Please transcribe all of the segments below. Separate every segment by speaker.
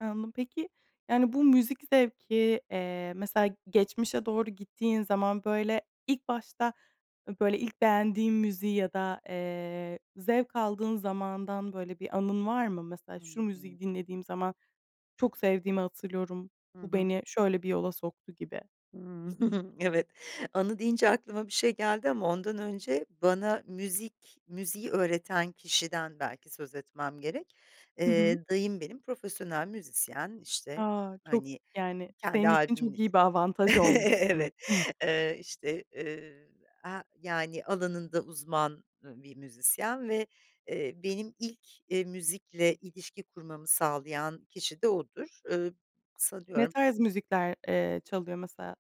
Speaker 1: He, anladım. Peki, yani, bu müzik zevki, eee, mesela geçmişe doğru gittiğin zaman, böyle ilk başta, böyle, ilk beğendiğin müziği ya da, eee, zevk aldığın zamandan, böyle bir anın var mı? Mesela,
Speaker 2: Hıı,
Speaker 1: şu
Speaker 2: hı
Speaker 1: müziği
Speaker 2: hı.
Speaker 1: dinlediğim zaman çok sevdiğimi hatırlıyorum,
Speaker 2: Hı
Speaker 1: bu
Speaker 2: hı.
Speaker 1: beni şöyle bir yola soktu gibi.
Speaker 2: Evet. Anı deyince aklıma bir şey geldi ama ondan önce bana müzik, müziği öğreten kişiden belki söz etmem gerek.
Speaker 1: Hı hı.
Speaker 2: Eee, dayım benim profesyonel müzisyen; işte,
Speaker 1: A, çok,
Speaker 2: hani,
Speaker 1: yani,
Speaker 2: kendi,
Speaker 1: senin için çok
Speaker 2: albüm
Speaker 1: iyi bir avantaj olmuş demek
Speaker 2: Evet.
Speaker 1: ki.
Speaker 2: Eee, işte, ııı, he yani, alanında uzman, ııı, bir müzisyen ve eee, benim ilk, eee, müzikle ilişki kurmamı sağlayan kişi de odur. Iıı,
Speaker 1: Ne
Speaker 2: sanıyorum
Speaker 1: tarz müzikler, eee, çalıyor mesela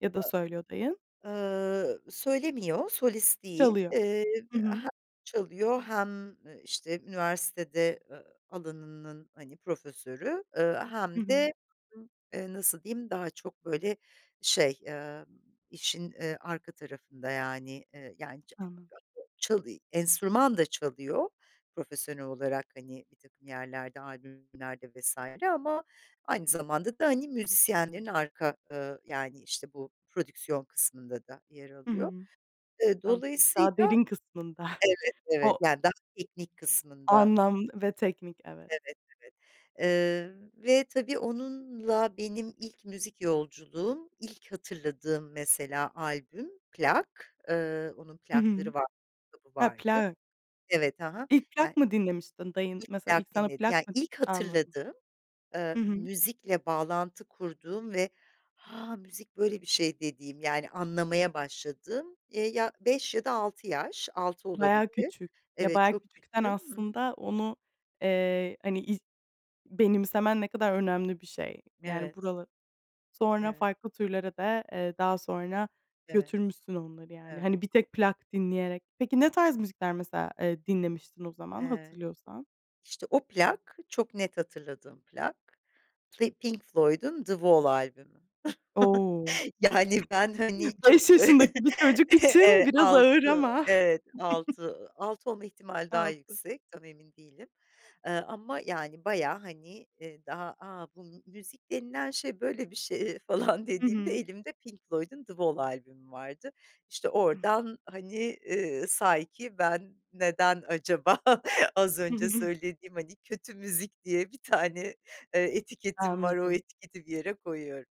Speaker 1: ya da
Speaker 2: A
Speaker 1: söylüyor, dayın?
Speaker 2: ııı, söylemiyor, solist değil.
Speaker 1: Çalıyor.
Speaker 2: Iıı,
Speaker 1: Hı hı.
Speaker 2: hem çalıyor hem, eee, işte üniversitede, ııı, alanının, hani, profesörü. Iıı,
Speaker 1: Hı
Speaker 2: hem
Speaker 1: hı.
Speaker 2: de [unintelligible] eee, nasıl diyeyim, daha çok böyle şey, ııı, işin, eee, arka tarafında. Yani, eee, yani
Speaker 1: Ha ha.
Speaker 2: [unintelligible] Çalı enstrüman da çalıyor profesyonel olarak, hani, birtakım yerlerde albümlerde vs. Ama aynı zamanda da, hani, müzisyenlerin arka, ııı, yani, işte bu prodüksiyon kısmında da yer
Speaker 1: Hı
Speaker 2: alıyor.
Speaker 1: hı.
Speaker 2: Iıı,
Speaker 1: [unintelligible] Daha
Speaker 2: dolayısıyla,
Speaker 1: derin kısmında.
Speaker 2: evet, evet,
Speaker 1: O
Speaker 2: yani daha teknik kısmında.
Speaker 1: anlam ve teknik, evet.
Speaker 2: Evet, evet. Eee, ve tabii onunla benim ilk müzik yolculuğum. İlk hatırladığım mesela albüm, plak, ııı, onun
Speaker 1: Hı hı.
Speaker 2: plakları vardı, kitabı
Speaker 1: Ha,
Speaker 2: vardı.
Speaker 1: plak.
Speaker 2: Evet, ha ha.
Speaker 1: İlk
Speaker 2: Yani,
Speaker 1: plak mı dinlemiştin? Dayın,
Speaker 2: ilk
Speaker 1: mesela ilk
Speaker 2: plak
Speaker 1: sana
Speaker 2: dinlediğim,
Speaker 1: plak
Speaker 2: yani,
Speaker 1: mı
Speaker 2: ilk
Speaker 1: Anladım.
Speaker 2: hatırladığım, eee,
Speaker 1: Hı hı.
Speaker 2: müzikle bağlantı kurduğum ve 'Ha, müzik böyle bir şey.' dediğim, yani anlamaya başladığım. Eee, ya 5 ya da 6 yaş, 6
Speaker 1: Bayağı
Speaker 2: olabilir.
Speaker 1: küçük. Ya,
Speaker 2: Evet,
Speaker 1: bayağı
Speaker 2: çok çok
Speaker 1: küçüksen
Speaker 2: küçüğüm. Hı hı.
Speaker 1: aslında onu, eee, hani, ilk benimsemen ne kadar önemli bir şey. Yani,
Speaker 2: Evet.
Speaker 1: bura Sonra
Speaker 2: Evet.
Speaker 1: farklı türlere de, eee, daha sonra
Speaker 2: Evet,
Speaker 1: götürmüşsün onları yani.
Speaker 2: evet.
Speaker 1: Hani, bir tek plak dinleyerek. Peki, ne tarz müzikler mesela, eee, dinlemiştin o zaman,
Speaker 2: Evet.
Speaker 1: hatırlıyorsan?
Speaker 2: İşte o plak, çok net hatırladığım plak ve Pink Floyd'un The Wall albümü.
Speaker 1: O!
Speaker 2: Yani, ben hani
Speaker 1: 5
Speaker 2: çok
Speaker 1: yaşındaki bir çocuk için
Speaker 2: evet
Speaker 1: biraz ağır
Speaker 2: 6,
Speaker 1: ama.
Speaker 2: evet 6, 6 olma ihtimali daha
Speaker 1: 6
Speaker 2: yüksek tam emin değilim. Eee, ama yani, bayağı hani, eee, daha; "A, bu müzik denilen şey böyle bir şey" falan
Speaker 1: Hı
Speaker 2: dediğimde,
Speaker 1: hı.
Speaker 2: elimde Pink Floyd'un The Wall albümü vardı. İşte,
Speaker 1: Hıh.
Speaker 2: oradan hani, ııı, sanki ben neden acaba az
Speaker 1: Hı
Speaker 2: önce
Speaker 1: hı.
Speaker 2: söylediğim hani kötü müzik diye bir tane, eee,
Speaker 1: A
Speaker 2: etiketim var, o
Speaker 1: anladım.
Speaker 2: etiketi bir yere koyuyorum.